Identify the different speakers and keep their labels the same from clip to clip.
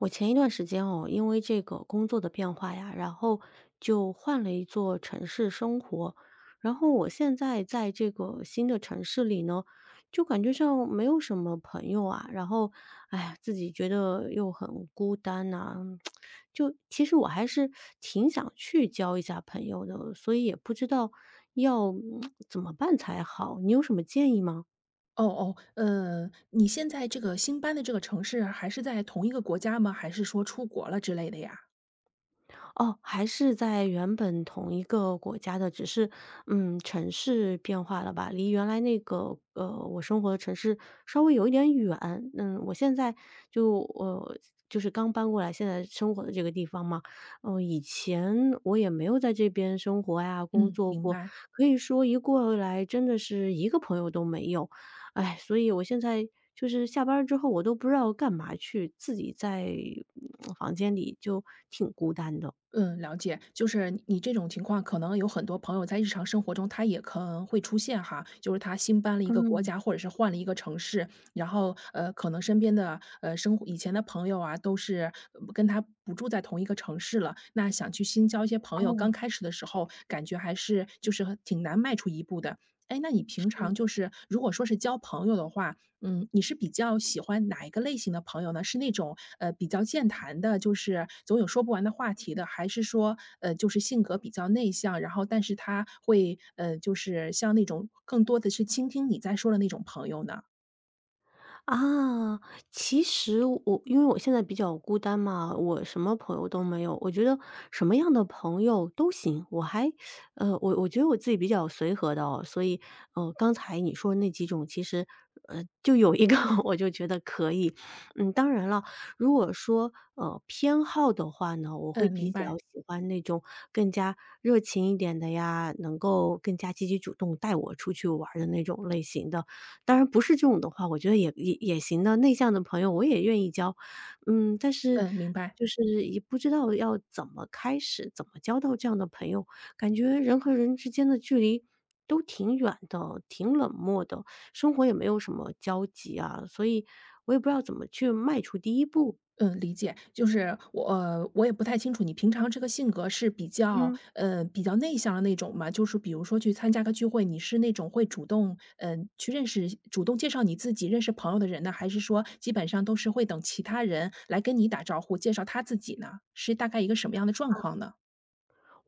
Speaker 1: 我前一段时间哦，因为这个工作的变化呀，然后就换了一座城市生活。然后我现在在这个新的城市里呢，就感觉上没有什么朋友啊，然后，哎呀，自己觉得又很孤单呐。就其实我还是，挺想去交一下朋友的，所以也不知道，要 怎么办才好，你有什么建议吗？
Speaker 2: 哦哦，嗯，你现在这个新搬的这个城市还是在同一个国家吗？还是说出国了之类的呀？
Speaker 1: 哦，还是在原本同一个国家的，只是，嗯，城市变化了吧，离原来那个，呃，我生活的城市，稍微有一点远。嗯，我现在就呃，就是刚搬过来现在生活的这个地方嘛，嗯，以前我也没有在这边生活呀、工
Speaker 2: 嗯，
Speaker 1: 作
Speaker 2: 明
Speaker 1: 过，
Speaker 2: 白。
Speaker 1: 可以说一过来，真的是一个朋友都没有。哎，所以我现在就是下班儿之后，我都不知道干嘛去，自己在，嗯，房间里就挺孤单的。
Speaker 2: 嗯，了解。就是你这种情况，可能有很多朋友在日常生活中它也可能会出现哈。就是他新搬了一个国
Speaker 1: 嗯。
Speaker 2: 家或者是换了一个城市，然后，呃，可能身边的，呃，生活以前的朋友啊，都是，嗯跟他不住在同一个城市了，那想去新交一些朋友，
Speaker 1: 嗯。
Speaker 2: 刚开始的时候感觉还是，就是很挺难迈出一步的。哎，那你
Speaker 1: 是
Speaker 2: 平常就
Speaker 1: 的。
Speaker 2: 是如果说是交朋友的话，嗯，你是比较喜欢哪一个类型的朋友呢？是那种，呃，比较健谈的，就是，总有说不完的话题的？还是说，呃，就是性格比较内向，然后但是他会呃，就是像那种更多地去倾听你在说的那种朋友呢？
Speaker 1: 啊，其实我因为我现在比较孤单嘛，我什么朋友都没有，我觉得什么样的朋友都行，我还，呃，我我觉得我自己比较随和的哦，所以，呃，刚才你说的那几种，其实，呃，就有一个我就觉得可以。嗯，当然了，如果说，呃，偏好的话呢，我会
Speaker 2: 嗯，
Speaker 1: 比
Speaker 2: 明
Speaker 1: 较
Speaker 2: 白。
Speaker 1: 喜欢那种更加热情一点的呀，能够更加积极主动带我出去玩儿的那种类型的，当然不是这种的话，我觉得也也也行的，内向的朋友我也愿意交。嗯，但是，
Speaker 2: 嗯，明白。
Speaker 1: 就是也不知道要怎么开始，怎么交到这样的朋友。感觉人和人之间的距离都挺远的，挺冷漠的，生活也没有什么交集啊，所以，我也不知道怎么去迈出第1步。
Speaker 2: 嗯，理解。就是，我呃我也不太清楚你平常这个性格是比较，
Speaker 1: 嗯。
Speaker 2: 呃，比较内向的那种吗？就是比如说去参加个聚会，你是那种会主动，呃，去认识，主动介绍你自己认识朋友的人呢，还是说基本上都是会等其他人来跟你打招呼，介绍他自己呢？是大概一个什么样的状
Speaker 1: 嗯。
Speaker 2: 况呢？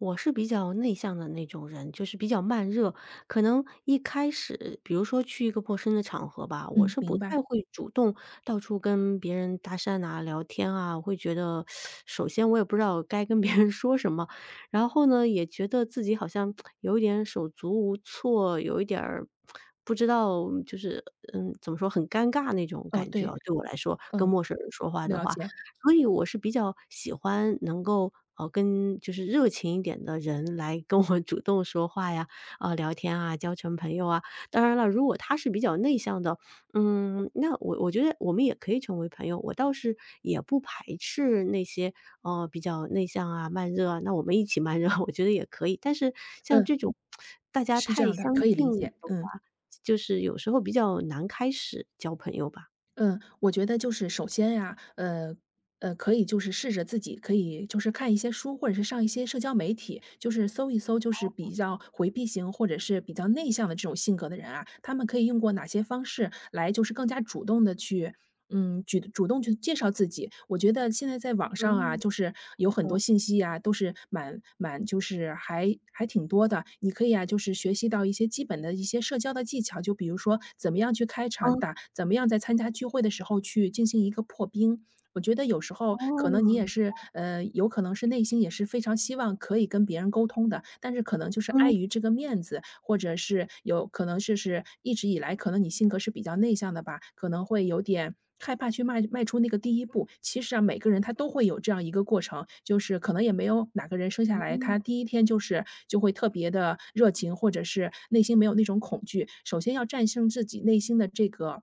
Speaker 1: 我是比较内向的那种人，就是比较慢热。可能一开始，比如说去一个陌生的场合吧，我
Speaker 2: 嗯，
Speaker 1: 是
Speaker 2: 明
Speaker 1: 不太
Speaker 2: 白。
Speaker 1: 会主动到处跟别人搭讪呐、聊天啊。我会觉得，首先我也不知道该跟别人说什么，然后呢，也觉得自己好像 有一点手足无措，有一点儿，不知道就是嗯，怎么说，很尴尬那种
Speaker 2: 哦，
Speaker 1: 感觉啊，
Speaker 2: 对。
Speaker 1: 对我来说，跟
Speaker 2: 嗯，
Speaker 1: 陌生人说话的
Speaker 2: 了
Speaker 1: 话。
Speaker 2: 解。
Speaker 1: 所以我是比较喜欢能够，啊，跟就是热情一点的人来跟我主动说话呀，啊，聊天啊，交成朋友啊。当然了，如果他是比较内向的，嗯，那我我觉得，我们也可以成为朋友。我倒是也不排斥那些，呃，比较内向啊、慢热啊，那我们一起慢热，我觉得也可以。但是像这
Speaker 2: 嗯，
Speaker 1: 种，大家
Speaker 2: 是这
Speaker 1: 太
Speaker 2: 样的。
Speaker 1: 相
Speaker 2: 可以
Speaker 1: 近
Speaker 2: 理
Speaker 1: 了
Speaker 2: 解，
Speaker 1: 的
Speaker 2: 嗯。
Speaker 1: 话，就是有时候比较难开始交朋友吧。
Speaker 2: 嗯，我觉得就是首先啊，呃，呃，可以就是试着自己，可以就是看一些书，或者是上一些社交媒体，就是搜一搜，就是
Speaker 1: 哦。
Speaker 2: 比较回避型，或者是比较内向的这种性格的人啊，他们可以用过哪些方式，来就是更加主动地去，嗯，去主动去介绍自己。我觉得现在在网上啊，
Speaker 1: 嗯，
Speaker 2: 就是有很
Speaker 1: 是
Speaker 2: 多
Speaker 1: 的。
Speaker 2: 信息啊，都是蛮蛮就是还还挺多的。你可以啊，就是学习到一些基本的一些社交的技巧，就比如说，怎么样去开场
Speaker 1: 嗯。
Speaker 2: 打怎么样在参加聚会的时候去进行一个破冰。我觉得有时候，可能你
Speaker 1: 哦。
Speaker 2: 也是呃，有可能是内心也是非常希望可以跟别人沟通的，但是可能就是碍
Speaker 1: 嗯。
Speaker 2: 于这个面子，或者是，有可能就是一直以来可能你性格是比较内向的吧，可能会有点害怕去迈迈出那个第一步。其实啊，每个人他都会有这样一个过程，就是可能也没有哪个人生下来，他
Speaker 1: 嗯。
Speaker 2: 第一天就是，就会特别地热情，或者是内心没有那种恐惧，首先要战胜自己内心的这个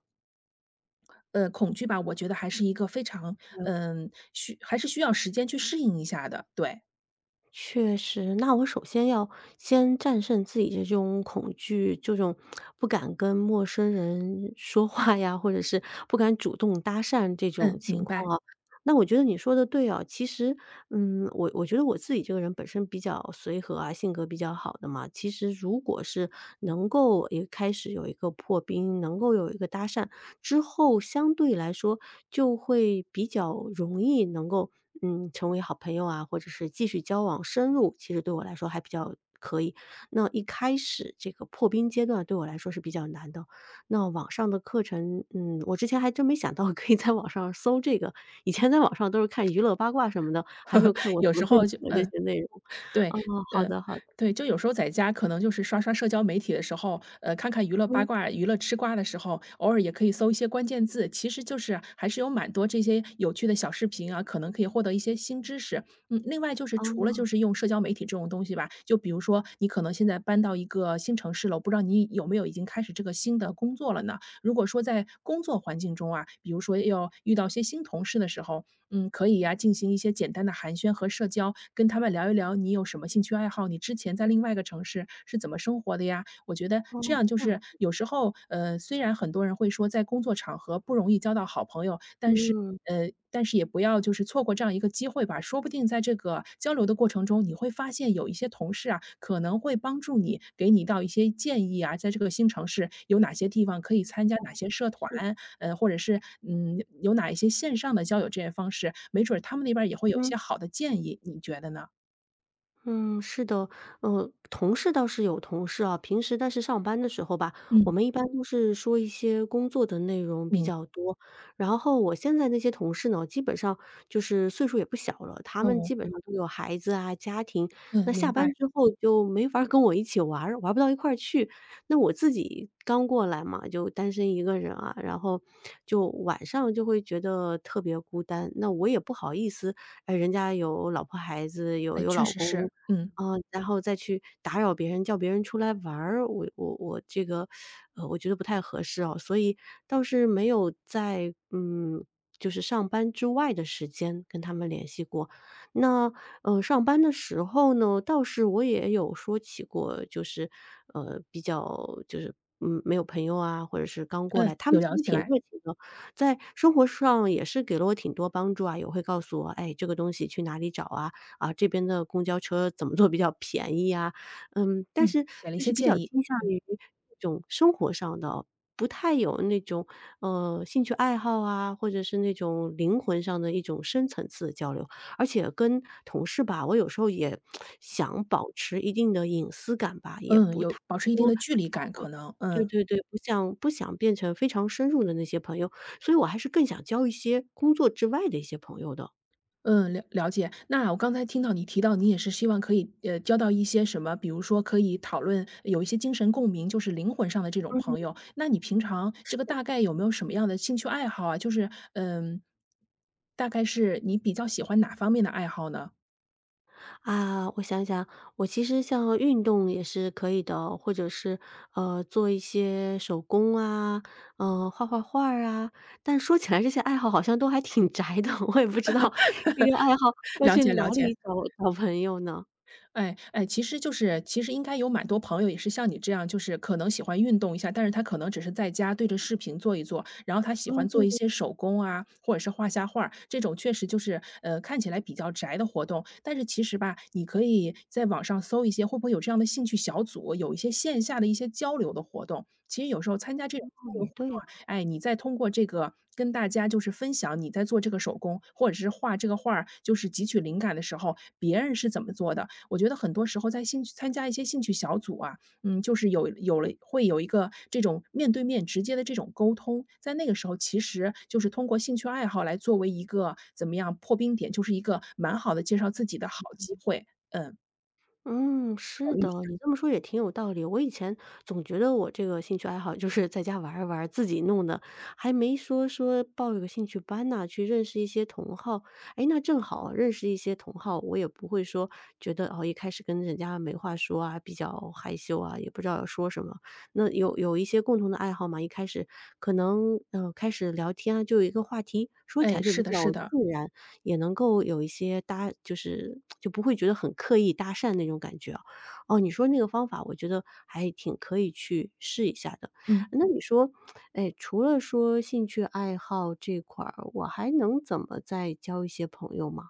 Speaker 2: 呃，恐惧吧，我觉得还是一个非常，
Speaker 1: 嗯。
Speaker 2: 嗯，需还是需要时间去适应一下的，对。
Speaker 1: 确实，那我首先要先战胜自己的这种恐惧，这种不敢跟陌生人说话呀，或者是不敢主动搭讪这种
Speaker 2: 嗯，
Speaker 1: 情
Speaker 2: 明白。
Speaker 1: 况啊。那我觉得你说得对啊，其实，嗯，我我觉得我自己这个人本身比较随和啊，性格比较好的嘛。其实如果是能够一个开始有一个破冰，能够有一个搭讪，之后相对来说就会比较容易能够，嗯，成为好朋友啊，或者是继续交往深入，其实对我来说还比较可以。那一开始这个破冰阶段对我来说是比较难的，那网上的课程，嗯，我之前还真没想到可以在网上搜这个，以前在网上都是看娱乐八卦什么的，还没有 看过什
Speaker 2: 有
Speaker 1: 么
Speaker 2: 时
Speaker 1: 正
Speaker 2: 候
Speaker 1: 经
Speaker 2: 就
Speaker 1: 的这
Speaker 2: 嗯。
Speaker 1: 些内容
Speaker 2: 对
Speaker 1: 啊，好
Speaker 2: 呃，
Speaker 1: 的好。
Speaker 2: 对，就有时候在家可能就是刷刷社交媒体的时候，呃，看看娱乐八
Speaker 1: 嗯。
Speaker 2: 卦，娱乐吃瓜的时候，偶尔也可以搜一些关键字，其实就是还是有蛮多这些有趣的小视频啊，可能可以获得一些新知识。嗯，另外就是除了就
Speaker 1: 哦。
Speaker 2: 是用社交媒体这种东西吧，就比如说你可能现在搬到一个新城市了，我不知道你有没有已经开始这个新的工作了呢？如果说在工作环境中啊，比如说要遇到一些新同事的时候，嗯，可以呀进行一些简单的寒暄和社交，跟他们聊一聊你有什么兴趣爱好，你之前在另外一个城市是怎么生活的呀？我觉得这
Speaker 1: 嗯，
Speaker 2: 样就
Speaker 1: 这样
Speaker 2: 是
Speaker 1: 子。
Speaker 2: 有时候，呃，虽然很多人会说在工作场合不容易交到好朋友，但是
Speaker 1: 嗯。
Speaker 2: 呃，但是也不要就是错过这样一个机会吧。说不定在这个交流的过程中，你会发现有一些同事啊，可能会帮助你，给你到一些建议啊，在这个新城市有哪些地方可以参加
Speaker 1: 哦，
Speaker 2: 哪些社团，
Speaker 1: 也是。
Speaker 2: 呃，或者是，嗯，有有哪一些线上的交友这些方式，没准他们那边儿也会有一
Speaker 1: 嗯。
Speaker 2: 些好的建议，你觉得呢？
Speaker 1: 嗯，是的。呃，同事倒是有同事啊，平时但是上班的时候吧，我
Speaker 2: 嗯。
Speaker 1: 们一般都是说一些工作的内容比
Speaker 2: 明
Speaker 1: 较多，然后我现在那些同事呢，基本上就是岁数也不小了，他们
Speaker 2: 嗯。
Speaker 1: 基本上都有孩子啊家庭，
Speaker 2: 嗯，
Speaker 1: 那下
Speaker 2: 明
Speaker 1: 班
Speaker 2: 白。
Speaker 1: 之后就没法儿跟我一起就玩儿，玩儿不到一块去。那我自己刚过来嘛，就单身一个人啊，然后就晚上就会觉得特别孤单。那我也不好意思，哎，人家有老婆孩子有
Speaker 2: 哎，
Speaker 1: 有
Speaker 2: 确
Speaker 1: 老
Speaker 2: 实
Speaker 1: 公。
Speaker 2: 是，嗯。
Speaker 1: 啊，然后再去打扰别人，叫别人出来玩儿，我我我这个 呃，我觉得不太合适啊，所以倒是没有在嗯，就是上班之外的时间跟他们联系过。那，呃，上班的时候呢，倒是我也有说起过，就是，呃，比较就是，嗯，没有朋友啊，或者是刚过来，
Speaker 2: 嗯，
Speaker 1: 他们
Speaker 2: 有
Speaker 1: 其
Speaker 2: 聊
Speaker 1: 实
Speaker 2: 起
Speaker 1: 挺
Speaker 2: 来。
Speaker 1: 会热情的，在生活上也是给了我挺多帮助啊，也会告诉我，哎，这个东西去哪里找啊，啊，这边的公交车怎么坐比较便宜呀。嗯，但
Speaker 2: 嗯，
Speaker 1: 是
Speaker 2: 给了一
Speaker 1: 就是
Speaker 2: 些
Speaker 1: 比
Speaker 2: 建
Speaker 1: 较
Speaker 2: 议，
Speaker 1: 倾向
Speaker 2: 嗯。
Speaker 1: 于这种生活上的，不太有那种，呃，兴趣爱好啊，或者是那种灵魂上的一种深层次的交流。而且跟同事吧，我有时候也 想保持一定的隐私感吧，也
Speaker 2: 嗯，
Speaker 1: 不太
Speaker 2: 有保持一定
Speaker 1: 说嗯，
Speaker 2: 的距离感，可能
Speaker 1: 对
Speaker 2: 嗯。
Speaker 1: 对对，不想不想变成非常深入的那些朋友，所以我还是更想交一些工作之外的一些朋友的。
Speaker 2: 嗯，了了解。那我刚才听到你提到，你也是希望可以，呃，交到一些什么比如说可以讨论有一些精神共鸣就是灵魂上的这种
Speaker 1: 嗯。
Speaker 2: 朋友，那你平常这
Speaker 1: 是
Speaker 2: 个
Speaker 1: 的。
Speaker 2: 大概有没有什么样的兴趣爱好啊，就是嗯，大概是你比较喜欢哪方面的爱好呢？
Speaker 1: 啊，我想想，我其实像运动也是可以的，或者是，呃，做一些手工啊，呃，画画画儿啊，但说起来这些爱好好像都还挺宅的，我也不知道这个爱好 要
Speaker 2: 了
Speaker 1: 去
Speaker 2: 解
Speaker 1: 哪
Speaker 2: 了解。
Speaker 1: 里找找朋友呢？
Speaker 2: 哎哎，其实就是其实应该有蛮多朋友也是像你这样，就是可能喜欢运动一下，但是他可能只是在家对着视频做一做，然后他喜
Speaker 1: 嗯，
Speaker 2: 欢
Speaker 1: 对
Speaker 2: 做一
Speaker 1: 对。
Speaker 2: 些手工啊，或者是画下画儿，这种确实就是，呃，看起来比较宅的活动。但是其实吧，你可以在网上搜一些，会不会有这样的兴趣小组，有一些线下的一些交流的活动。其实有时候参加这种
Speaker 1: 嗯，
Speaker 2: 交流
Speaker 1: 也
Speaker 2: 活
Speaker 1: 对哦。
Speaker 2: 动，哎，你在通过这个跟大家就是分享你在做这个手工，或者是画这个画儿，就是汲取灵感的时候，别人是怎么做的。我觉得很多时候在兴趣参加一些兴趣小组啊，嗯，就是有有了会有一个这种面对面直接地这种沟通，在那个时候其实就是通过兴趣爱好来作为一个怎么样破冰点，就是一个蛮好的介绍自己的好机
Speaker 1: 嗯。
Speaker 2: 会，嗯。
Speaker 1: 嗯，
Speaker 2: 考
Speaker 1: 是
Speaker 2: 虑一
Speaker 1: 的，
Speaker 2: 下。
Speaker 1: 你这么说也挺有道理。我以前总觉得我这个兴趣爱好，就是在家玩儿一玩儿，自己弄的，还没说说报一个兴趣班呐，去认识一些同好。诶，那正好认识一些同好，我也不会说觉得，呃，一开始跟人家没话说啊，比较害羞啊，也不知道要说什么。那有有一些共同的爱好嘛，一开始可能，呃，开始聊天啊，就有一个话题，说起
Speaker 2: 诶，
Speaker 1: 来就
Speaker 2: 是
Speaker 1: 比
Speaker 2: 的
Speaker 1: 较
Speaker 2: 是的。
Speaker 1: 自然，也能够有一些搭就是 就不会觉得很刻意搭讪那种感觉哦。哦，你说那个方法，我觉得还挺可以去试一下的，
Speaker 2: 嗯。
Speaker 1: 那你说，诶，除了说兴趣爱好这块儿，我还能怎么再交一些朋友吗？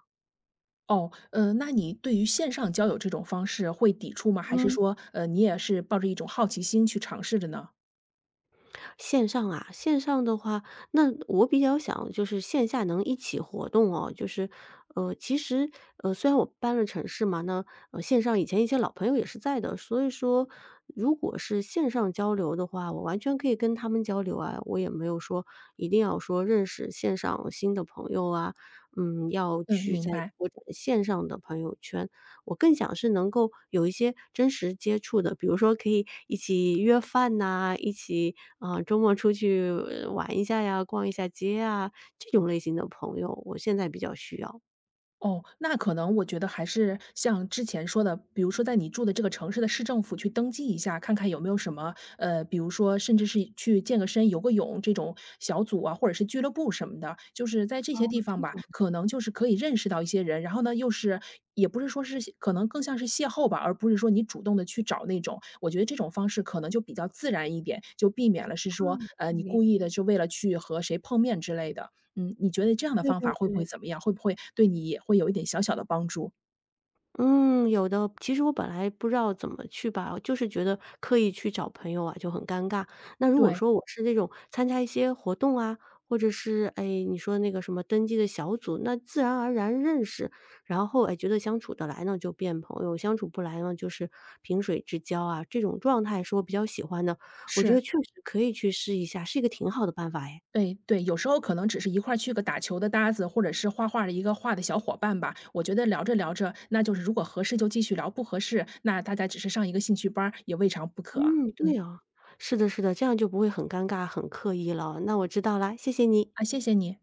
Speaker 2: 哦，嗯，那你对于线上交友这种方式会抵触吗？还是
Speaker 1: 嗯。
Speaker 2: 说，呃，你也是抱着一种好奇心去尝试着呢？
Speaker 1: 线上啊线上的话，那我比较想就是线下能一起活动哦，就是，呃，其实，呃，虽然我搬了城市嘛，那，嗯，线上以前一些老朋友也是在的。所以说如果是线上交流的话，我完全可以跟他们交流啊，我也没有说一定要说认识线上新的朋友啊，嗯，要
Speaker 2: 嗯，
Speaker 1: 去
Speaker 2: 明
Speaker 1: 在
Speaker 2: 白。
Speaker 1: 各种线上的朋友圈。我更想是能够有一些真实接触的，比如说可以一起约饭呐，一起，啊，周末出去玩一下呀，逛一下街呀，这种类型的朋友，我现在比较需要。
Speaker 2: 哦，那可能我觉得还是像之前说的，比如说在你住的这个城市的市政府去登记一下，看看有没有什么，呃，比如说甚至是去健个身游个泳这种小组啊，或者是俱乐部什么的，就是在这
Speaker 1: 哦，
Speaker 2: 些地方
Speaker 1: 这
Speaker 2: 吧，
Speaker 1: 种。
Speaker 2: 可能就是可以认识到一些人，然后呢又是也不是说是可能更像是邂逅吧，而不是说你主动地去找那种。我觉得这种方式可能就比较自然一点，就避免了是说，呃，
Speaker 1: 嗯，
Speaker 2: 你
Speaker 1: 明
Speaker 2: 故意地就为了去和谁碰面之类的。嗯，你觉得这样的
Speaker 1: 对
Speaker 2: 方法
Speaker 1: 对
Speaker 2: 会不会
Speaker 1: 对。
Speaker 2: 怎么样？会不会对你也会有一点小小的帮助？
Speaker 1: 嗯，有的。其实我本来不知道怎么去吧，就是觉得刻意去找朋友啊，就很尴尬。那如果
Speaker 2: 对。
Speaker 1: 说我是那种参加一些活动啊，或者是，哎，你说那个什么登记的小组，那自然而然认识，然后，哎，觉得相处得来呢就变朋友，相处不来呢就是萍水之交啊，这种状态是我比较喜欢的，我觉得
Speaker 2: 是。
Speaker 1: 确实可以去试一下，是一个挺好的办法哎。
Speaker 2: 哎，对，有时候可能只是一块儿去个打球的搭子，或者是画画儿的一个画的小伙伴吧，我觉得聊着聊着，那就是如果合适就继续聊，不合适，那大家只是上一个兴趣班儿，也未尝不可。
Speaker 1: 嗯，
Speaker 2: 嗯。
Speaker 1: 对啊，是的是的，这样就不会很尴尬，很刻意了。那我知道了，谢谢你。
Speaker 2: 啊，谢谢你。